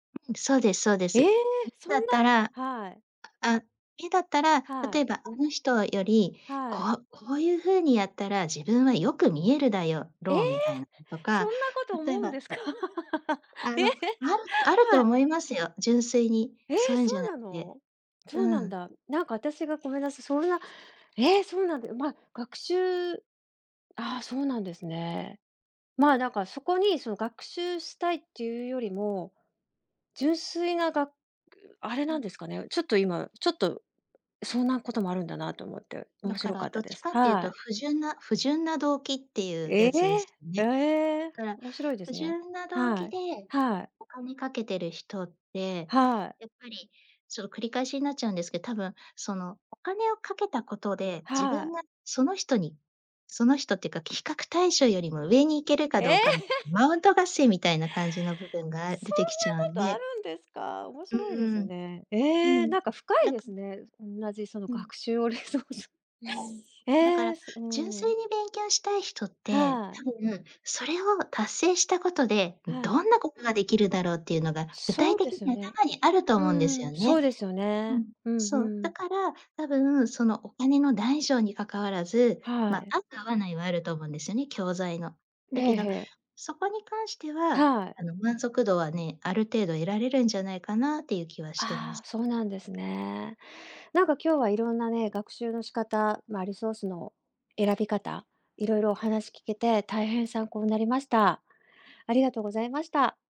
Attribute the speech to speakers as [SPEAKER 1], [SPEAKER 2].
[SPEAKER 1] そうですそうで
[SPEAKER 2] え
[SPEAKER 1] す。
[SPEAKER 2] え！
[SPEAKER 1] いつ
[SPEAKER 2] そん
[SPEAKER 1] だっ
[SPEAKER 2] な
[SPEAKER 1] たら
[SPEAKER 2] はい。
[SPEAKER 1] あ、いだったら、
[SPEAKER 2] は
[SPEAKER 1] 例え
[SPEAKER 2] い。
[SPEAKER 1] ばあの人より、
[SPEAKER 2] は
[SPEAKER 1] こ
[SPEAKER 2] い。
[SPEAKER 1] うこういう風にやったら自分はよく見えるだよ
[SPEAKER 2] ええ！
[SPEAKER 1] ろう、みたいなのと
[SPEAKER 2] そん
[SPEAKER 1] か、
[SPEAKER 2] なこと
[SPEAKER 1] 例
[SPEAKER 2] 思
[SPEAKER 1] え
[SPEAKER 2] うん
[SPEAKER 1] ば
[SPEAKER 2] ですか
[SPEAKER 1] あ
[SPEAKER 2] ええ
[SPEAKER 1] の、あるあると
[SPEAKER 2] はい。
[SPEAKER 1] 思いますよ、純粋に、
[SPEAKER 2] ええ、
[SPEAKER 1] そういうん
[SPEAKER 2] そ
[SPEAKER 1] じゃな
[SPEAKER 2] う
[SPEAKER 1] く
[SPEAKER 2] な
[SPEAKER 1] て。
[SPEAKER 2] の？そう
[SPEAKER 1] う
[SPEAKER 2] なん
[SPEAKER 1] ん。
[SPEAKER 2] だ。なんか私がごめんなさい、そんなええ、そうなんだよ、ま、学習ああ、そうなんですね。まあ、なんかそこに、その、学習したいっていうよりも、純粋ながくあれ
[SPEAKER 1] う
[SPEAKER 2] なんで
[SPEAKER 1] ん。
[SPEAKER 2] すかね、ちょっと今ちょっと、そんなこともあるんだなと思って、
[SPEAKER 1] だ
[SPEAKER 2] 面
[SPEAKER 1] か
[SPEAKER 2] 白か
[SPEAKER 1] ら
[SPEAKER 2] っ
[SPEAKER 1] ど
[SPEAKER 2] た
[SPEAKER 1] っ
[SPEAKER 2] で
[SPEAKER 1] ち
[SPEAKER 2] す。
[SPEAKER 1] かってゆう
[SPEAKER 2] は
[SPEAKER 1] と
[SPEAKER 2] い。
[SPEAKER 1] 不純な不純な動機ってゆう
[SPEAKER 2] え
[SPEAKER 1] や
[SPEAKER 2] え、
[SPEAKER 1] つです
[SPEAKER 2] あ
[SPEAKER 1] ね。
[SPEAKER 2] え、
[SPEAKER 1] だから
[SPEAKER 2] 面白いで
[SPEAKER 1] 不
[SPEAKER 2] すね。
[SPEAKER 1] 純な動
[SPEAKER 2] は
[SPEAKER 1] 機
[SPEAKER 2] い、
[SPEAKER 1] で
[SPEAKER 2] はい。
[SPEAKER 1] お金かけてる人って、
[SPEAKER 2] はい。
[SPEAKER 1] やっぱり、そう、繰り返しになっちゃうんですけ多分、その、お金をかけたことで自
[SPEAKER 2] は
[SPEAKER 1] 分
[SPEAKER 2] い。
[SPEAKER 1] がその人にその人っていうか比較対象よりも上に行けるか
[SPEAKER 2] ええ。
[SPEAKER 1] どうか、マウント合戦みたいな感じの部分
[SPEAKER 2] そんなこ
[SPEAKER 1] が、あ出てきちゃうん
[SPEAKER 2] とある
[SPEAKER 1] で
[SPEAKER 2] んですか？面
[SPEAKER 1] う
[SPEAKER 2] 白いです
[SPEAKER 1] ーん。
[SPEAKER 2] ね、
[SPEAKER 1] う
[SPEAKER 2] え
[SPEAKER 1] ん、
[SPEAKER 2] え、
[SPEAKER 1] ん
[SPEAKER 2] なんか深い
[SPEAKER 1] だ
[SPEAKER 2] で
[SPEAKER 1] か
[SPEAKER 2] すね、おんなじ、その、
[SPEAKER 1] うん。
[SPEAKER 2] 学習をれいそう
[SPEAKER 1] うーん、だか
[SPEAKER 2] え
[SPEAKER 1] ら
[SPEAKER 2] え、すう
[SPEAKER 1] 純粋
[SPEAKER 2] ん。
[SPEAKER 1] に勉強したい人って、
[SPEAKER 2] はい。
[SPEAKER 1] 多分、それを達成したことで
[SPEAKER 2] はい。
[SPEAKER 1] どんなことができるだろうっていうのが、具体
[SPEAKER 2] そうで
[SPEAKER 1] 的に
[SPEAKER 2] すね。
[SPEAKER 1] 頭にあると
[SPEAKER 2] う
[SPEAKER 1] 思うんですよ
[SPEAKER 2] ん、
[SPEAKER 1] ね。
[SPEAKER 2] そうですよ
[SPEAKER 1] う
[SPEAKER 2] ね。
[SPEAKER 1] ん。
[SPEAKER 2] うん
[SPEAKER 1] そう、
[SPEAKER 2] う
[SPEAKER 1] だ
[SPEAKER 2] ん。
[SPEAKER 1] から多分、その、お金の大小にかかわらず
[SPEAKER 2] は
[SPEAKER 1] ま、
[SPEAKER 2] い。
[SPEAKER 1] 合う、合わないはあると思うんですよね、教材の。
[SPEAKER 2] え
[SPEAKER 1] だけ
[SPEAKER 2] え、
[SPEAKER 1] ど
[SPEAKER 2] へえ。
[SPEAKER 1] そこに関しては、
[SPEAKER 2] は
[SPEAKER 1] あ
[SPEAKER 2] い。
[SPEAKER 1] の、満足度はね、ある程度得られるんじゃないかなってゆう気はしてま
[SPEAKER 2] あ
[SPEAKER 1] す。
[SPEAKER 2] あ、そうなんですね。なんか今日はいろんなね、学習の仕方、ま、リソースの選び方、いろいろお話聞けて大変参考なりました。ありがとうございました。